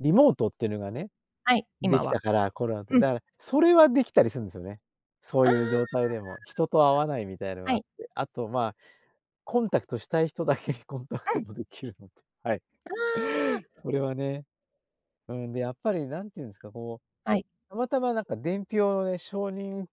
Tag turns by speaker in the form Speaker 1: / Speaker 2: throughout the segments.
Speaker 1: リモートっていうのがね、
Speaker 2: はい、
Speaker 1: で
Speaker 2: 今
Speaker 1: きた
Speaker 2: は。
Speaker 1: から、コロナで。
Speaker 2: うん。
Speaker 1: だから、それはできたりするんですよね。そう
Speaker 2: あ
Speaker 1: いう状
Speaker 2: あ。
Speaker 1: 態でも、人と会わないみたいのが
Speaker 2: は
Speaker 1: あっ
Speaker 2: い。
Speaker 1: て。あとまあ、コンタクトしたい人だけにコンタク
Speaker 2: う
Speaker 1: ト
Speaker 2: ん。
Speaker 1: もできるので、はい。
Speaker 2: ああ。
Speaker 1: それはね、うん、で、やっぱり何て言うんですか、こ
Speaker 2: はい。
Speaker 1: う、たまたまなんか伝票のね、承認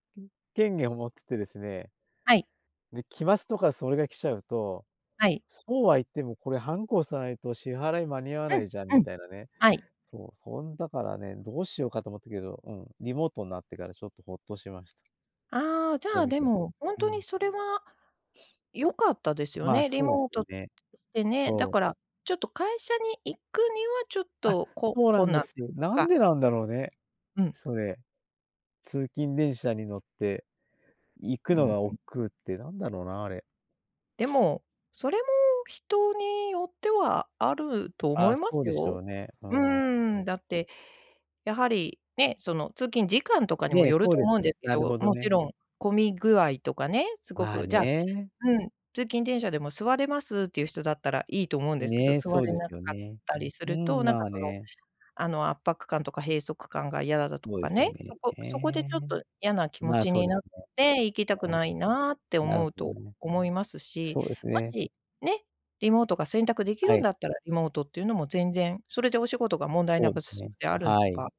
Speaker 1: 権限を持っててですね。
Speaker 2: はい。
Speaker 1: で、期末とかそれが来ちゃうと、
Speaker 2: はい。
Speaker 1: そうは言ってもこれ、ハンコ押さないと支払い、間に合わ
Speaker 2: う
Speaker 1: な
Speaker 2: ん、
Speaker 1: いじゃん、
Speaker 2: う
Speaker 1: み
Speaker 2: ん。
Speaker 1: たいなね。
Speaker 2: はい。
Speaker 1: そう、そんだからね、どうしようかと思ったけど、うん、リモートになってから、ちょっとほっとしました。
Speaker 2: ああ、じゃ
Speaker 1: そう
Speaker 2: あ、
Speaker 1: で
Speaker 2: で
Speaker 1: すよ、
Speaker 2: も、ほん
Speaker 1: う
Speaker 2: とに
Speaker 1: ん。
Speaker 2: それは 良かったですよ
Speaker 1: まあ、
Speaker 2: ね。リ
Speaker 1: そうで
Speaker 2: モ
Speaker 1: す
Speaker 2: ー
Speaker 1: よ
Speaker 2: ト
Speaker 1: ね。
Speaker 2: でね。だ
Speaker 1: そ
Speaker 2: か
Speaker 1: う。
Speaker 2: ら、ちょっと会社に行くにはちょっ
Speaker 1: あ、
Speaker 2: とこう、
Speaker 1: そうな
Speaker 2: こう
Speaker 1: んで
Speaker 2: なん
Speaker 1: す。なん
Speaker 2: か。
Speaker 1: でなんだろうね、
Speaker 2: うん。
Speaker 1: それ。通勤電車に乗って、行く
Speaker 2: うー
Speaker 1: の
Speaker 2: ん。
Speaker 1: が億劫ってなんだろうな、あれ。
Speaker 2: で も、それも人によってはあると
Speaker 1: あ
Speaker 2: 思
Speaker 1: あ、
Speaker 2: いま
Speaker 1: そう
Speaker 2: す
Speaker 1: でしょ
Speaker 2: よ。
Speaker 1: うね。う
Speaker 2: う
Speaker 1: ー
Speaker 2: ーん、
Speaker 1: ん。
Speaker 2: だって、やはりね、その通勤時間とかにも
Speaker 1: ね、
Speaker 2: よる
Speaker 1: そう
Speaker 2: と
Speaker 1: です
Speaker 2: 思うん
Speaker 1: ね、
Speaker 2: ですけ
Speaker 1: なるほ
Speaker 2: ど、
Speaker 1: ど
Speaker 2: もち
Speaker 1: ね。
Speaker 2: ろん、混み具合とかね、すご
Speaker 1: まあ
Speaker 2: く、じゃあ
Speaker 1: ね。
Speaker 2: うん、通勤電車でも座れますっていう人だったらいいと思うんですけど、
Speaker 1: ね、
Speaker 2: 座
Speaker 1: そう
Speaker 2: れ
Speaker 1: で
Speaker 2: な
Speaker 1: す
Speaker 2: か
Speaker 1: よ
Speaker 2: っ
Speaker 1: ね、
Speaker 2: たりす
Speaker 1: う
Speaker 2: ると、
Speaker 1: ん、
Speaker 2: なん
Speaker 1: ま
Speaker 2: か、
Speaker 1: あ
Speaker 2: その、
Speaker 1: ね。
Speaker 2: あの圧迫感とか閉塞感が嫌だと
Speaker 1: そうで
Speaker 2: か
Speaker 1: すよ
Speaker 2: ね、
Speaker 1: ね、
Speaker 2: そこ
Speaker 1: え
Speaker 2: そこでちょっ
Speaker 1: え。
Speaker 2: と嫌な気持
Speaker 1: まあ、
Speaker 2: ち
Speaker 1: そう
Speaker 2: に
Speaker 1: で
Speaker 2: なっ
Speaker 1: すね。
Speaker 2: て、行きたく
Speaker 1: う
Speaker 2: ないなって
Speaker 1: ん。な
Speaker 2: 思
Speaker 1: る
Speaker 2: う
Speaker 1: ほ
Speaker 2: と
Speaker 1: どね。
Speaker 2: 思いますし。
Speaker 1: そうです
Speaker 2: も
Speaker 1: ね。
Speaker 2: し、ね、リモートが選択でき
Speaker 1: は
Speaker 2: るん
Speaker 1: い。
Speaker 2: だったら、リモートっていうのも全然、それでお仕事が問題
Speaker 1: そ
Speaker 2: な
Speaker 1: うで
Speaker 2: く
Speaker 1: す
Speaker 2: 進
Speaker 1: ね、
Speaker 2: むんであるん
Speaker 1: はい。
Speaker 2: ば、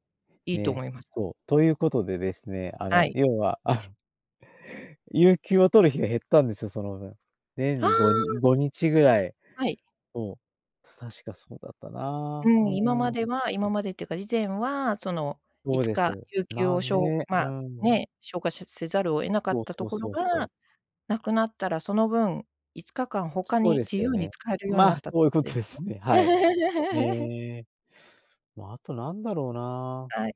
Speaker 2: いいと
Speaker 1: ね、
Speaker 2: 思います。
Speaker 1: そう。ということでですね、あの
Speaker 2: はい。
Speaker 1: 要は、あの有給を取る日が減ったんですよ、その分。年
Speaker 2: は
Speaker 1: にごに
Speaker 2: あ。
Speaker 1: 5日ぐらい。
Speaker 2: はい。
Speaker 1: そう、確か、そうだった
Speaker 2: う
Speaker 1: な。う
Speaker 2: ん、今ま
Speaker 1: ー
Speaker 2: で
Speaker 1: ん。
Speaker 2: は今までっていうか、以前はその
Speaker 1: そ
Speaker 2: い
Speaker 1: う
Speaker 2: つ
Speaker 1: で
Speaker 2: か
Speaker 1: す、
Speaker 2: 有給
Speaker 1: な
Speaker 2: を
Speaker 1: ん
Speaker 2: しょ
Speaker 1: ね、
Speaker 2: うま
Speaker 1: うー
Speaker 2: あ
Speaker 1: ん。
Speaker 2: ね、消化しせざるを得なか
Speaker 1: そ
Speaker 2: っ
Speaker 1: う
Speaker 2: た
Speaker 1: そ
Speaker 2: と
Speaker 1: う
Speaker 2: ころ
Speaker 1: そうそう。
Speaker 2: がなくなったら、その分、5日間他
Speaker 1: そう
Speaker 2: に
Speaker 1: です
Speaker 2: 自
Speaker 1: よ
Speaker 2: 由に
Speaker 1: ね。
Speaker 2: 使えるように
Speaker 1: ま
Speaker 2: な
Speaker 1: あ、
Speaker 2: ったって
Speaker 1: そういう
Speaker 2: こと
Speaker 1: こ
Speaker 2: で
Speaker 1: と
Speaker 2: す
Speaker 1: で
Speaker 2: ね。
Speaker 1: すね、はい。ええ。まあ、あとなんだろうな。
Speaker 2: はい。